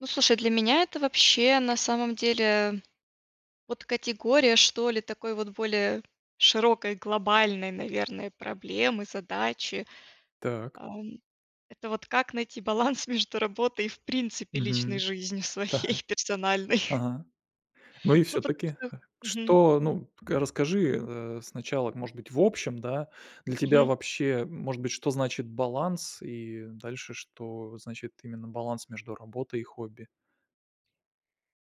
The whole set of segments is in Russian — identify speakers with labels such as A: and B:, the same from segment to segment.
A: Ну, слушай, для меня это вообще, на самом деле, э, вот категория, что ли, такой вот более широкой, глобальной, наверное, проблемы, задачи,
B: Так.
A: ам. Это вот как найти баланс между работой и, в принципе, личной
B: Мгм.
A: жизнью
B: Так.
A: своей персональной?
B: Ага. Ну и
A: Ну потому
B: всё-таки,
A: что мгм.
B: что ну, к расскажи, э, сначала, может быть, в общем, да, для тебя
A: Мгм.
B: вообще, может быть, что значит баланс и дальше, что значит именно баланс между работой и хобби?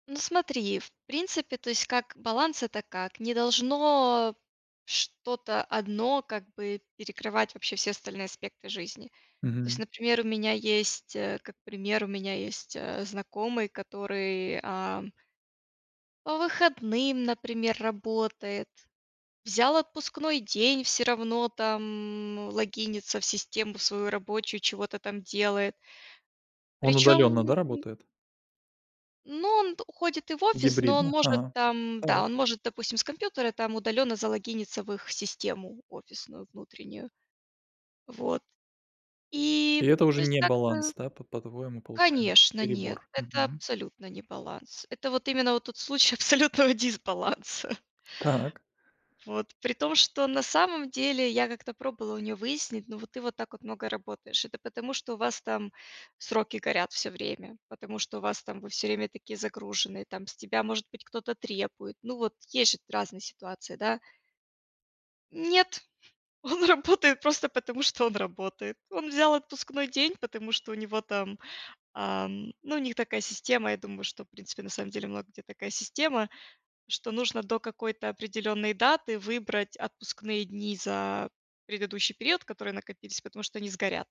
A: Ну, смотри, в принципе, то есть, как баланс, это как: не должно что-то одно, как бы, перекрывать вообще все остальные аспекты жизни. То есть,
B: Мгм.
A: например, у меня есть, э, как пример, у меня есть, э, знакомый, который, ам по выходным, например, работает. Взял отпускной день, всё равно там, м, логинится в систему свою рабочую, чего-то там делает.
B: Он
A: Причём
B: удаленно, да,
A: он
B: работает?
A: Ну, он т уходит и в офис, но он
B: Гибридно.
A: может
B: Ага.
A: там, да,
B: Так.
A: он может, допустим, с компьютера там удаленно залогиниться в их систему офисную внутреннюю. Вот. И
B: И это
A: то
B: уже
A: есть
B: не
A: как-то
B: баланс, да, по по-твоему получается?
A: Конечно, нет,
B: Перебор.
A: это
B: Мгм.
A: абсолютно не баланс. Это вот именно вот тот случай абсолютного дисбаланса.
B: Так.
A: Вот. При том, что на самом деле я как-то пробовала у нее выяснить: "Но ты вот так много работаешь. Это потому что у вас там сроки горят всё время, потому что у вас там вы всё время такие загруженные, там с тебя, может быть, кто-то требует?" Ну, вот есть же разные ситуации, да? Нет, он работает просто потому, что он работает. Он взял отпускной день, потому что у него там, ам, ну, у них такая система, я думаю, что, в принципе, на самом деле много где такая система, что нужно до какой-то определённой даты выбрать отпускные дни за предыдущий период, который накопился, потому что они сгорят.